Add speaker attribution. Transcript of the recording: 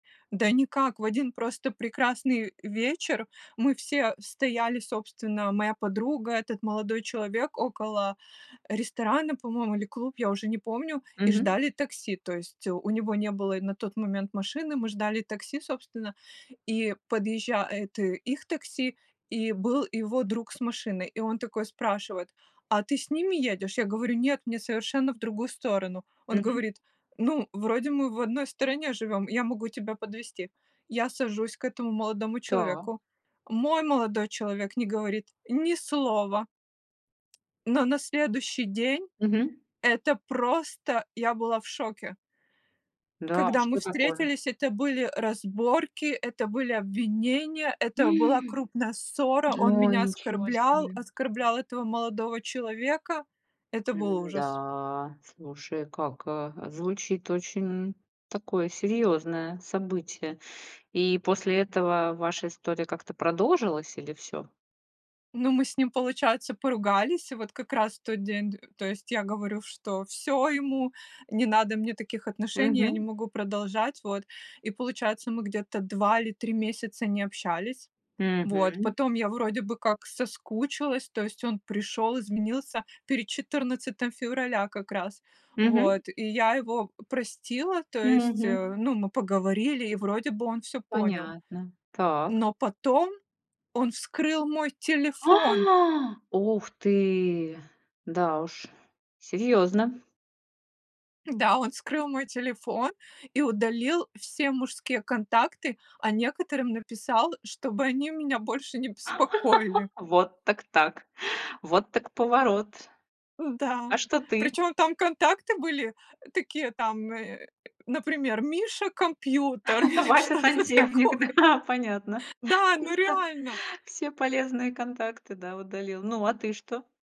Speaker 1: Да никак, в 1 просто прекрасный вечер мы все стояли, собственно, моя подруга, этот молодой человек около ресторана, по-моему, или клуб, я уже не помню, и
Speaker 2: Мгм.
Speaker 1: ждали такси. То есть, э, у него не было и на тот момент машины, мы ждали такси, собственно, и подъезжает их такси, и был его друг с машиной. И он такой спрашивает: "А ты с ними едешь?" Я говорю: "Нет, мне совершенно в другую сторону". Он
Speaker 2: Мгм.
Speaker 1: говорит: "Ну, вроде мы в одной стороне живем, я могу тебя подвезти". Я сажусь к этому молодому
Speaker 2: Так.
Speaker 1: человеку. Мой молодой человек не говорит ни слова. Но на следующий день
Speaker 2: Мгм.
Speaker 1: это просто я была в шоке.
Speaker 2: Да,
Speaker 1: Когда мы
Speaker 2: что такое?
Speaker 1: встретились, это были разборки, это были обвинения, это была
Speaker 2: М
Speaker 1: крупная ссора, он
Speaker 2: Ой,
Speaker 1: меня
Speaker 2: ничего
Speaker 1: оскорблял,
Speaker 2: себе.
Speaker 1: оскорблял этого молодого человека. Это был ужас.
Speaker 2: М-да, слушай, как, э, звучит очень такое серьёзное событие. И после этого ваша история как-то продолжилась или всё?
Speaker 1: Ну, мы с ним, получается, поругались, и вот как раз в тот день д то есть я говорю: "Что всё, ему не надо мне таких отношений, я не
Speaker 2: Мгм.
Speaker 1: могу продолжать", вот. И получается, мы где-то 2 или 3 месяца не общались. Вот,
Speaker 2: Мгм.
Speaker 1: потом я вроде бы как соскучилась, то есть он пришёл, изменился перед 14 февраля как раз,
Speaker 2: Мгм.
Speaker 1: вот, и я его простила, то есть, э,
Speaker 2: Мгм.
Speaker 1: ну, мы поговорили, и вроде бы он всё понял,
Speaker 2: Понятно. Так.
Speaker 1: но потом он вскрыл мой телефон.
Speaker 2: А, ух ты, да уж, серьёзно.
Speaker 1: Да, он вскрыл мой телефон и удалил все мужские контакты, а некоторым написал, чтобы они меня больше не беспокоили.
Speaker 2: Вот так-так. Вот так поворот.
Speaker 1: Да.
Speaker 2: А что ты?
Speaker 1: Причём там контакты были такие, там, э, например, "Миша компьютер" или что-то
Speaker 2: Вася-сантехник,
Speaker 1: такое.
Speaker 2: да, понятно,
Speaker 1: Да, ну,
Speaker 2: чисто
Speaker 1: реально.
Speaker 2: все полезные контакты, да, удалил. Ну, а ты что?